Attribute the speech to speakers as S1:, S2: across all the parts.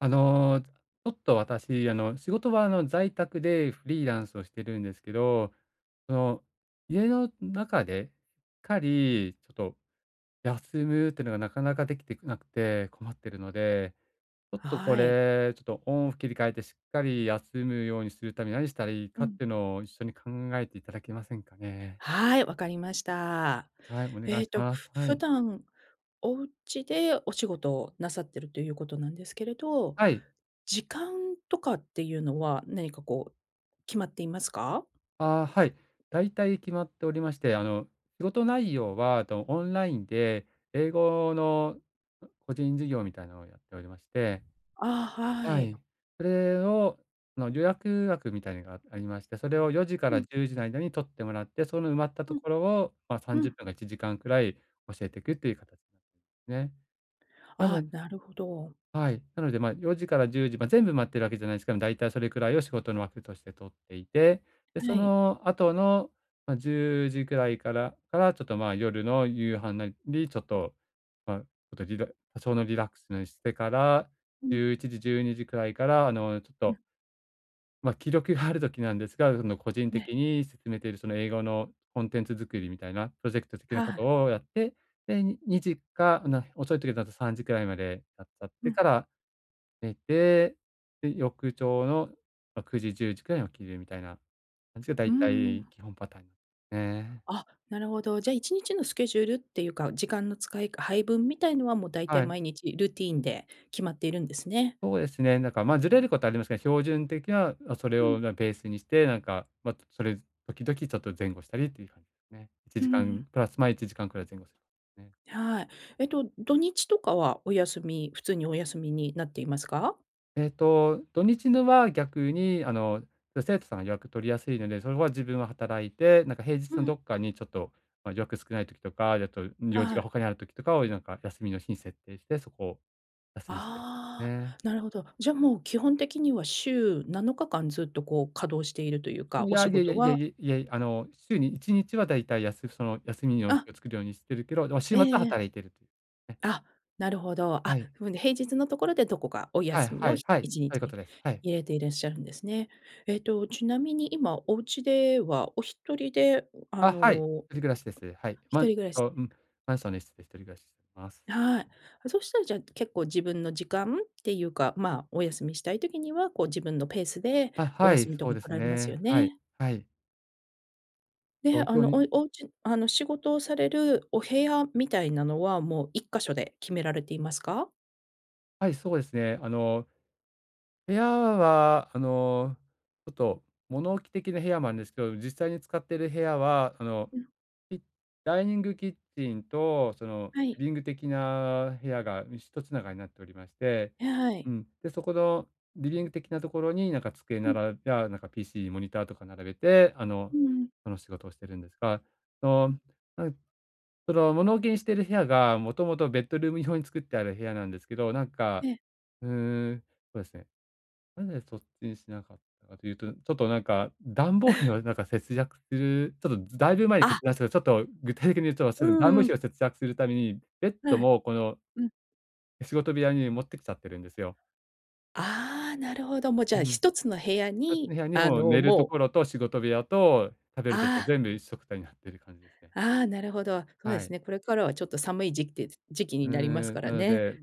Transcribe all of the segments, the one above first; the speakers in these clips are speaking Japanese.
S1: あの、ちょっと私、あの、仕事はあの、在宅でフリーランスをしてるんですけど、その、家の中で、かりちょっと休むっていうのが、なかなかできてなくて困ってるので、ちょっとこ
S2: はい。
S1: れ、ちょっとオンオフ切り替えてしっかり休むようにするために、何したらいい
S2: う
S1: かっ
S2: ん。
S1: てのを一緒に考えていただけませんかね。
S2: はい、わかりました。
S1: はい、お願
S2: え
S1: い
S2: え
S1: し
S2: と、
S1: ます。
S2: ふ
S1: は
S2: 普
S1: い。
S2: 段、お家でお仕事をなさってるということなんですけれど、
S1: はい。
S2: 時間とかっていうのは、何かこう、決まっていますか？
S1: ああ、はい、だいたい決まっておりまして、あの、仕事内容はとオンラインで英語の個人事業みたいなのをやっておりまして。
S2: あ、は
S1: は
S2: い。
S1: い、それをあの、予約枠みたいのがありまして、それを4時か
S2: う
S1: ら
S2: ん。
S1: 10時の間に取ってもらって、その埋まったと
S2: うん。
S1: ころを、まあ、さん
S2: う
S1: じゅっ
S2: ん。
S1: ぷんか1時間くらい教えていくという形なんでね。なの
S2: ああ、なるほど。
S1: はい、なのでまあ、4時から10時ま、全部埋まってるわけじゃない、しかも、だいたいそれくらいを仕事の枠として取っていて、で、そ
S2: はい。
S1: の後の、ま、10時くらいからからちょっとまあ、夜の夕飯なりちょっと、ま、おとリラ多少のリラックスなりしてから
S2: う
S1: じ
S2: の。
S1: ゅういちじじゅうにじくらいからあのちょっ
S2: う
S1: と
S2: ん。
S1: ま、記録がある時なんですが、その個人
S2: ね。
S1: 的に進めているその英語のコンテンツ作りみたいなプロジェクト的
S2: は
S1: なこ
S2: あ。
S1: とをやって、で、に2時か、な遅い時だと3時くらいまでやっちゃっ
S2: う
S1: て
S2: ん。
S1: から寝て、で、翌朝の、ま、9時、10時くらいに起きるみたいな感じがだ
S2: うー
S1: いたい
S2: ん。
S1: 基本パターン。ね。
S2: あ、なるほど。じゃあ一日のスケジュールっていうか、時間の使いか配分みたいのは、もう大
S1: は
S2: 体
S1: い。
S2: 毎日ルーティンで決まっているんですね。
S1: そうですね。だからまあ、ずれることはありますが、標準的なそれ
S2: う
S1: を、
S2: ん。
S1: な、ベースにして、なんか、ま、それ時々ちょっと前後したりっていう感じね。いち
S2: う
S1: じ
S2: ん
S1: か
S2: う
S1: ん
S2: ん。
S1: プラスまあ、1時間くらい前後するね。
S2: はい。えっと、土日とかはお休み、普通にお休みになっていますか？
S1: ええと、土日のは逆に、あの、ちょ生徒さんが予約取りやすいので、それは自分は働いて、なんか平日
S2: う
S1: の
S2: ん。
S1: どっかにちょっと、ま、予約少ない時とか、よっと用事
S2: は
S1: が
S2: い。
S1: 他にある時とかをいなんか、休みの日に設定して、そこを休みにして、
S2: ああ、
S1: ね。
S2: なるほど。じゃあもう基本的には週7日間ずっとこう稼働しているというか、
S1: い
S2: お
S1: や、
S2: 仕
S1: いやいや
S2: 事
S1: いやい
S2: は
S1: やいやいあの週に1日はだいたいやすその休みの日
S2: あ。
S1: を作るようにしてるけど、でも、週末
S2: え
S1: は
S2: えええ。
S1: 働いている、ね。
S2: あ、なるほど。
S1: は
S2: あ、
S1: い。
S2: ふんで平日のところで、どこかお
S1: はい
S2: 休み
S1: は
S2: を、
S1: い
S2: ひ
S1: はい、
S2: いちに
S1: そういうこ
S2: ち
S1: とです、はい。
S2: 入れていらっしゃるんですね。えっと、ちなみに今おうちでは、お一人で、ん、あ
S1: あ、はい、一
S2: の
S1: 人暮らしです。はい。マ
S2: 一
S1: ン
S2: 人暮らし
S1: と
S2: です
S1: うん、
S2: か。
S1: マンションの一室で一人暮らします。
S2: はい。そしたらじゃあ、結構自分の時間っていうか、まあ、お休みしたい時には、こう自分のペースで
S1: あ、
S2: お
S1: はい、
S2: 休みと
S1: そ
S2: か
S1: うで
S2: 取
S1: す
S2: らえます
S1: ね。
S2: よ
S1: はい、
S2: ね。
S1: はい。
S2: え、
S1: 東
S2: あ
S1: 京
S2: のお
S1: に
S2: お家あの、仕事をされるお部屋みたいなのはもう、1か所で決められていますか？
S1: はい、そうですね。あの部屋はあの、ちょっと物置的な部屋なんですけど、実際に使ってる部屋は、あの、
S2: うん。
S1: きダイニングキッチンとその
S2: はい。
S1: リビング的な部屋が、ん、ひとつながりになっておりまして、
S2: え、はい。
S1: うん、で、そこのリビング的なところになんか机
S2: う
S1: な
S2: ん。
S1: らいや、なんか PC モニターとか並べてあの、
S2: うんうん。
S1: その仕事をしてるんですが、その、
S2: うん。
S1: ないその物置きにしてる部屋がもともとベッドルーム用に作ってある部屋なんですけど、なんか、
S2: ええ。
S1: うーん、そうですね。なぜそっちにしなかったというと、ちょっとなんか暖房費 をなんか節約する、ちょっとずだいぶ前に決
S2: あ。
S1: 断したちょっと具体的に言うと、そ
S2: う
S1: の、暖
S2: ん
S1: 房
S2: うん。
S1: 費を節約するために、ベッド
S2: はい。
S1: もこの
S2: うん。
S1: 仕事部屋に持ってきちゃってるんですよ。
S2: ああ、なるほど。もうじ
S1: う
S2: ゃあ、
S1: ん。ひ
S2: 1つの部屋
S1: とつ
S2: に
S1: の部屋に
S2: あ
S1: もう、
S2: の、
S1: 寝ると
S2: もう
S1: ころと仕事部屋と食べるとこ
S2: ああ。
S1: 全部一緒くたになってる感じですね。
S2: ああ、なるほど。そうで
S1: は
S2: す
S1: い。
S2: ね、これからはちょっと寒い時期て時期
S1: う
S2: になります
S1: ー
S2: か
S1: ん。
S2: ら
S1: なの
S2: ね。
S1: で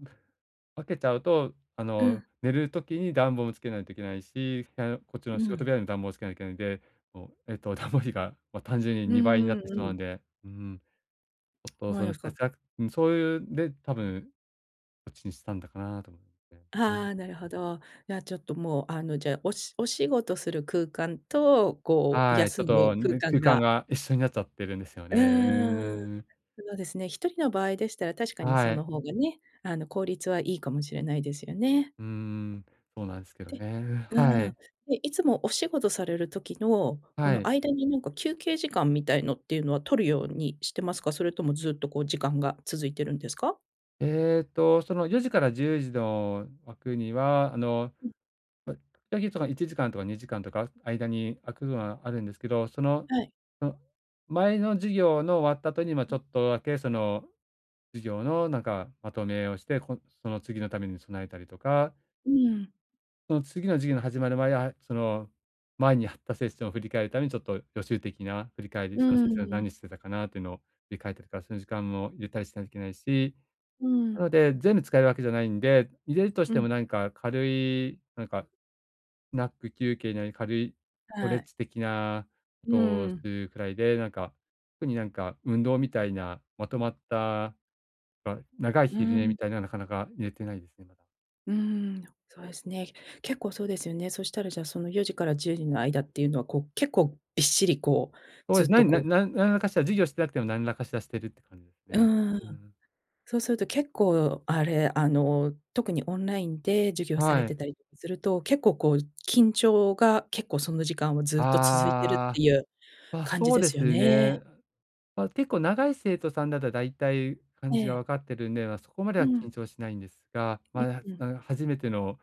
S1: 分けちゃうと、あ
S2: う
S1: の、
S2: ん。
S1: 寝る時に暖房をつけないといけないし、部屋のこっちの
S2: う
S1: 仕事
S2: ん。
S1: 部屋に暖房つけなきゃい、で、もう、えっと暖房費が、ま、単純に
S2: う
S1: 2倍にな
S2: ん
S1: っ
S2: うん
S1: てしま
S2: う
S1: う
S2: ん。
S1: んで、うーん。ちょ っと
S2: ほう
S1: そ
S2: で
S1: の、
S2: すか。
S1: 節約ん、そういう、で、多分こっちにしたんだかなと思って。う
S2: あ
S1: ん。
S2: あ、なるほど。じゃあちょっともうあの、じゃ、おしお仕事する空間と、こう、
S1: はい。ちょっ
S2: 休
S1: と、
S2: む空
S1: ね、空
S2: 間
S1: 間
S2: が
S1: が一緒になっちゃってるんですよね。
S2: う
S1: うー
S2: ーん。
S1: ん。
S2: そうですね、1人の場合でしたら、確かにそ
S1: はい。
S2: の方がね、あの、効率はいいかもしれないですよね。
S1: うーん、そうなんすけど
S2: で
S1: ね、は
S2: うん、
S1: い。
S2: で、いつもお仕事される時の、こ
S1: は
S2: の、
S1: い。
S2: 間になんか休憩時間みたいのっていうのは取るようにしてますか？それともずっとこう、時間が続いてるんですか？
S1: えっと、その4時から10時の枠には、あの、
S2: うん。
S1: ま、1時間とか2時間とか間に空くのがあるんですけど、その
S2: はい。
S1: の前の授業の終わった後に、ま、ち
S2: う
S1: ょ
S2: ん。
S1: っとだけその、授業のなんかまとめをして、この、その次のために備えたりとか
S2: うん。
S1: その次の授業の始まる前は、その、前にやったセッションを振り返るために、ちょっと予習的な振り返り、
S2: う
S1: そのセッション
S2: ん。
S1: 何してたかなというのを振り返ってるから、その時間も入れたりしないといけないし、
S2: う
S1: な
S2: ん。
S1: ので全部使えるわけじゃないんで、入れるとし
S2: う
S1: ても
S2: ん。
S1: なんか軽い、なんかナップ休憩なり、軽いストレ
S2: は
S1: ッ
S2: い。
S1: チ的なこ
S2: う
S1: とをす
S2: ん。
S1: るくらいで、なんか、特になんか運動みたいな、まとまった、ま、長い
S2: う
S1: 昼寝み
S2: ん。
S1: たいなのはなかなか入れてないですね、まだ。
S2: うーん。そうですね。結構そうですよね。そしたらじゃ、その4時から10時の間っていうのは、こう、結構びっしりこう、
S1: ほうえ
S2: ずっ
S1: す、な
S2: と
S1: にな
S2: こう
S1: んなん何らかしら授業してなくても何らかしらしてるって感じです
S2: う
S1: ね。
S2: ーん。
S1: うーん。
S2: そうすると結構、あれ、あの、特にオンラインで授業され
S1: は
S2: て
S1: い。
S2: たりすると、結構こう、緊張が結構その時間はずっと続いてるっ
S1: あ
S2: て
S1: あ。
S2: いう、
S1: まあ、
S2: 感じ
S1: そう
S2: で
S1: で
S2: すよ
S1: す
S2: ね。
S1: ね。ま、結構長い生徒さんだと大体感
S2: え
S1: じが
S2: え。
S1: 分かってるんで、ま、そこまで
S2: う
S1: は
S2: ん。
S1: 緊張しないんですが、
S2: うん
S1: ま、
S2: うん。
S1: 初めての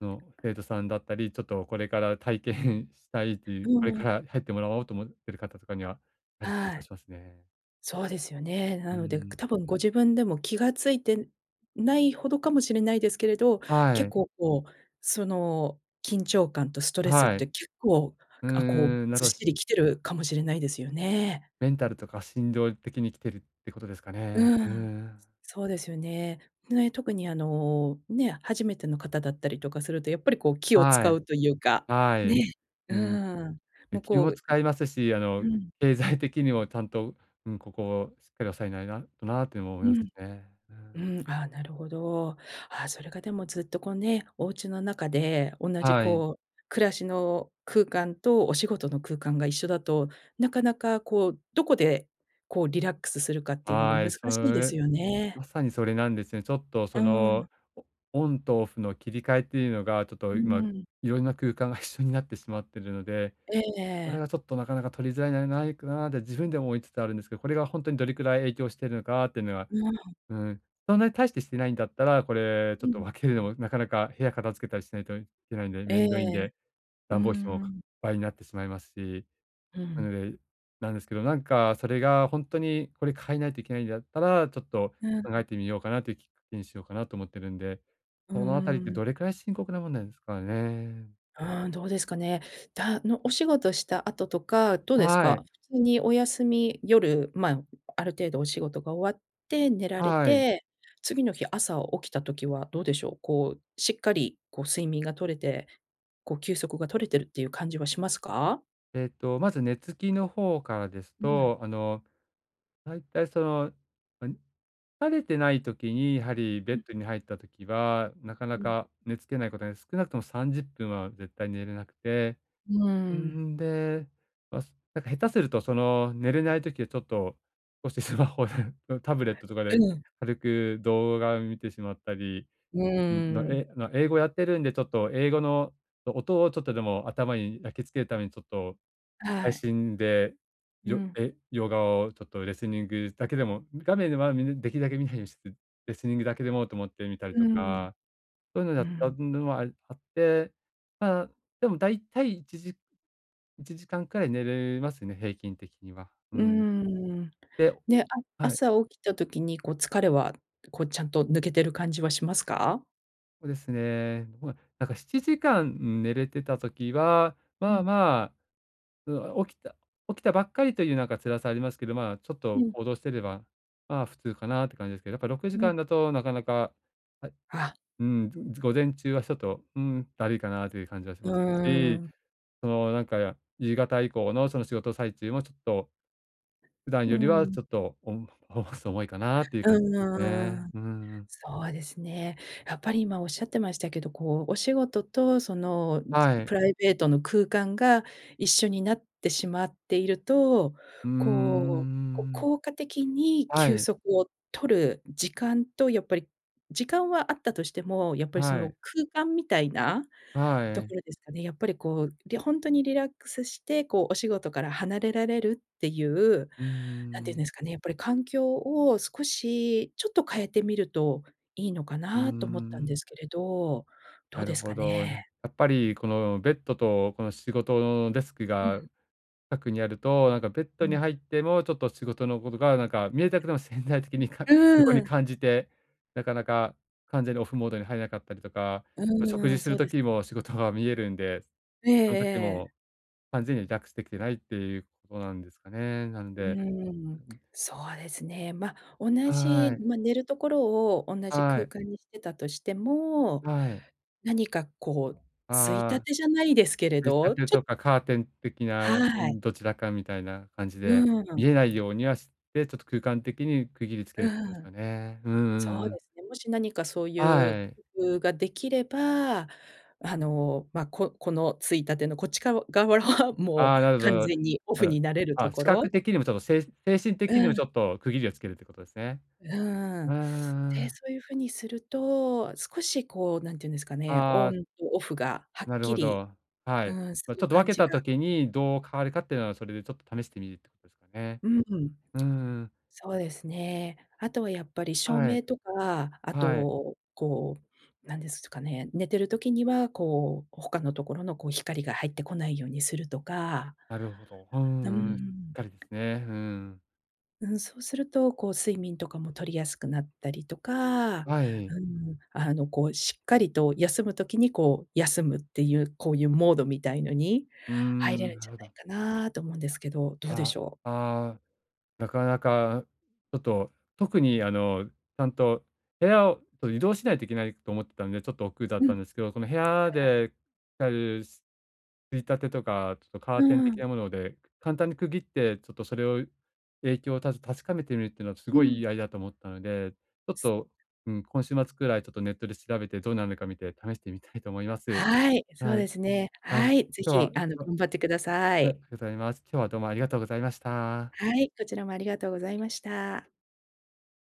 S1: の生徒さんだったり、ちょっとこれから体験したいという、
S2: う
S1: これか
S2: ん。
S1: ら入ってもらおうと思っている方とかには、やはり緊
S2: は
S1: 張
S2: い。
S1: しますね。
S2: そうですよね。
S1: う
S2: なので、く
S1: ん。
S2: 多分ご自分でも気が付いてないほどかもしれないですけれど、
S1: は
S2: 結
S1: い。
S2: 構こう、その緊張感とストレスっ
S1: は
S2: て
S1: い。
S2: 結構、
S1: うー
S2: あ、こう
S1: ん、な
S2: ずっ
S1: るほ
S2: しりきてるかもしれないですよね。
S1: メンタルとか心情的に来てるってことですかね。
S2: う
S1: ふー
S2: ん。
S1: ん。
S2: そうですよね。ね、特にあの、ね、初めての方だったりとかすると、やっぱりこう気を
S1: は
S2: 使
S1: い。
S2: うというか、
S1: はい。
S2: ね。う
S1: うん。
S2: ーん。も
S1: え、
S2: う
S1: 気
S2: こ
S1: も
S2: う
S1: 使いますし、あ
S2: う
S1: の、
S2: ん。
S1: 経済的にもちゃんと、うん、ここしっかり抑えないなとなあ、ても思
S2: う
S1: います
S2: ん。
S1: ね。うん。
S2: うん、あ、なるほど。ああ、それがでもずっとこうね、お家の中で、同じ
S1: はい。
S2: こう、暮らしの空間とお仕事の空間が一緒だと、なかなかこう、どこで、こうリラックスするかっていうのが
S1: は
S2: 難
S1: い。
S2: し
S1: そ
S2: いです
S1: れ
S2: よね。
S1: まさにそれなんですね。ちょっと
S2: う
S1: そ
S2: ん。
S1: の、オンとオフの切り替えっていうのが、ちょっ
S2: う
S1: と今
S2: ん。
S1: いろんな空間が一緒になってしまってるので、
S2: えええ
S1: それ
S2: え。
S1: がちょっとなかなか取りづらいんじゃないかなって自分でも思いつつあるんですけど、これがほんとにどれくらい影響してるのかっていうのは、
S2: うん。
S1: うーん、そんなに大してしてないんだったら、これ、ちょ
S2: う
S1: っと
S2: ん。
S1: 分けるのもなかなか部屋片付けたりしないといけないんで、め
S2: え
S1: んどいん
S2: え。
S1: で、
S2: う
S1: 暖房費も
S2: んう
S1: か
S2: ん。
S1: 倍になってしまいますし、
S2: う
S1: なの
S2: ん。
S1: でなんですけど、なんかそれが、ほんとに、これ変えないといけないんだったら、ちょっと
S2: うん。
S1: 考えてみようかなというきっかけにしようかなと思ってるんで、
S2: うー
S1: そのあたりって
S2: ん。
S1: どれくらい深刻なもんなんですかね。
S2: うん、どうですかね。だのお仕事した後とか、どうです
S1: はい。
S2: か？普通にお休み、夜、ま、ある程度お仕事が終わって、寝られ
S1: はい。
S2: て、次の日朝起きた時はどうでしょう。こう、しっかり、こう睡眠が取れて、こう休息が取れてるっていう感じはしますか？
S1: えっと、まず寝つきの方からです
S2: うん。
S1: と、あの、だいたいその、うん、疲れてない時にやはりベ
S2: う
S1: ッ
S2: ん。
S1: ドに入った時は、なかな
S2: うん。
S1: か寝つけないことが、少なくとも30分は絶対寝れなくて、
S2: うー
S1: うー
S2: ん。
S1: ん、で、まそなんか下手するとその、寝れない時はちょっとこうしてスマホでのタブレットとか
S2: う
S1: で
S2: ん。
S1: 軽く動画を見てしまったり、
S2: う
S1: うん、の
S2: ーん。
S1: えあの、英語やってるんで、ちょっと英語の音を、ちょっとでも頭に焼き付けるために、ちょっと
S2: は
S1: 配
S2: い。
S1: 信で、
S2: う
S1: よ
S2: ん。
S1: え洋画をちょっとレスニングだけでも、画面では、みなできるだけ見ないようにして、レスニングだけでもと思って見たり
S2: う
S1: と
S2: ーん。
S1: か、そういうの
S2: う
S1: やった
S2: ん。
S1: ぬも、ああって、まあ、でも、大体1時、1時間くらい寝るますね、平均的には。う
S2: うー
S1: ん。
S2: ん。
S1: で
S2: で、あ
S1: はい。
S2: 朝起きた時に、こう疲れはこうちゃんと抜けてる感じはしますか？
S1: そうですね。もうなんか、7時間うん、寝れてた時は、
S2: う
S1: まあ
S2: ん。
S1: まあ、うん、起きた起きたばっかりというなんか、辛さありますけど、まあ、ちょっ
S2: う
S1: と
S2: ん。
S1: 行動してれば、まあ、普通かなって感じですけど、やっぱろくじ
S2: う
S1: かん
S2: ん。
S1: だとなかなか、はい、
S2: あ。
S1: うーん、ず午前中はちょっと、うーん、だるいかなという感じはし
S2: うー
S1: ますし、
S2: ん。
S1: その、なんか夕方以降のその仕事最中もちょっと、普段
S2: うー
S1: よりは
S2: ん。
S1: ちょっと、おんほそ重いかなっていう感じ
S2: う
S1: ね。
S2: ーん。
S1: うーん。
S2: そうですね。やっぱり今おっしゃってましたけど、こう、お仕事とそのじ
S1: は
S2: プ
S1: い。
S2: ライベートの空間が一緒になってしまっていると、
S1: うー
S2: こう、こ
S1: ん
S2: 効果的に
S1: は
S2: 休
S1: い。
S2: 息を取る時間と、やっぱり、時間はあったとしても、やっぱりそ
S1: は
S2: の、
S1: い。
S2: 空間みたいな
S1: は
S2: とこ
S1: い。
S2: ろですかね。やっぱりこう、りほんとにリラックスして、こうお仕事から離れられるっていう、
S1: うー
S2: なんていうん
S1: ん。
S2: ですかね、やっぱり環境を少し、ちょっと変えてみると、いいのか
S1: うー
S2: なと思ったんで
S1: ん。
S2: すけれど、ど
S1: な
S2: うで
S1: る
S2: す
S1: ほ
S2: か
S1: ど。な
S2: ね？
S1: んやっぱりこのベッドと、この仕事のデスク
S2: う
S1: が
S2: ん。
S1: かくにあると、なんかベッド
S2: う
S1: に
S2: ん。
S1: 入ってもちょっと仕事のことが、なんか見えたくても潜在的にか
S2: う
S1: 横に
S2: ーん。
S1: 感じて、なかなか完全にオフモードに入らなかったりとか、
S2: う
S1: 食
S2: ー
S1: 事
S2: ん、
S1: す
S2: そ
S1: る
S2: うです。
S1: 時も仕事が見えるんで、
S2: ええ
S1: その時
S2: ええ。
S1: も完全にはリラックスできてないっていうことなんですかね。なん
S2: う
S1: で
S2: ーん。そうですね。ま、同じ、
S1: はい。
S2: ま、寝るところを同じ
S1: は
S2: 空
S1: い。
S2: 間にしてたとしても、
S1: はい。
S2: 何かこう、衝立
S1: ああ、
S2: てじゃないですけれ
S1: 衝立
S2: ど、
S1: て
S2: ち
S1: と
S2: ょ
S1: かカーテン的なう
S2: はい。
S1: ん、どちらかみたいな感じで、
S2: う
S1: 見
S2: ん。
S1: えないようにはして、ちょっと空間的に区切りつけ
S2: う
S1: るよし
S2: ん。
S1: ょね。うんう
S2: そ
S1: ん
S2: う
S1: うん。
S2: ですね。もし何かそういう
S1: はい。
S2: 工夫ができれば、あの、まあ、ここの衝立てのこっち側側は、も
S1: あ
S2: う
S1: あ、なるほど
S2: 完
S1: の。
S2: 全にオ
S1: あ
S2: フ
S1: の
S2: になれると
S1: あ、
S2: こ
S1: 視覚
S2: ろ。
S1: 的にもちょっとせい精神
S2: う
S1: 的にもち
S2: ん。
S1: ょっと区切りをつけるっていうことですね。
S2: うー
S1: う
S2: ん。
S1: ー
S2: で、
S1: ん。
S2: そういうふうにすると、少しこう、何て言うんですかね、
S1: あ
S2: オ
S1: あ。
S2: ンとオフがはっ
S1: なる
S2: き
S1: ほ
S2: り
S1: ど、は
S2: う
S1: い。
S2: ーん、す
S1: まあ、ち
S2: る
S1: ょっと分
S2: 感
S1: け
S2: じ
S1: た
S2: が
S1: 時にどう変わるかっていうのは、それでちょっと試してみるってことですかね。
S2: ううん。
S1: うーん。
S2: そうですね。あとはやっぱり照
S1: はい。
S2: 明とか、あ
S1: はい。
S2: と、こう、何ですすかね、寝てる時には、こう、他のところのこう光が入ってこないようにするとか。
S1: なるほど。う
S2: な、うー
S1: んうん、しっ
S2: ん。
S1: かりですね。うん。
S2: うん、そうすると、こう睡眠とかも取りやすくなったりとか
S1: はい。
S2: うん、あの、こうしっかりと休む時にこう、休むっていう、こういうモードみたいのに
S1: うー
S2: 入れ
S1: ん、
S2: るん
S1: な
S2: じ
S1: る
S2: ゃ
S1: ほど。
S2: ないかなと思うんですけど、どうで
S1: あ、
S2: しょう？
S1: ああ、なかなかちょっと、特にあの、ちゃんと部屋を、と移動しないといけないと思ってたんで、ちょっと億劫だっ
S2: う
S1: た
S2: ん。
S1: んですけど、その部屋
S2: ああ。
S1: でたるす衝立てとかちょっとカー
S2: う
S1: テン
S2: ー
S1: 的
S2: ん。
S1: なもので、簡単に区切ってちょっとそれを影響をたし確かめてみるっていうのはす
S2: う
S1: ごい
S2: ん。
S1: いいアイだと思ったので、ちょっと、うん、今週末くらいちょっとネットで調べてどんなのか見て試してみたいと思います。
S2: はい、そう
S1: はい。
S2: ですね。
S1: はい。
S2: は
S1: 今
S2: い、ぜ
S1: 日
S2: ひ、
S1: は、
S2: あの、
S1: と
S2: 頑張ってくださ
S1: は
S2: い。
S1: い、ふざいます。今日はどうもありがとうございました。
S2: はい、こちらもありがとうございました。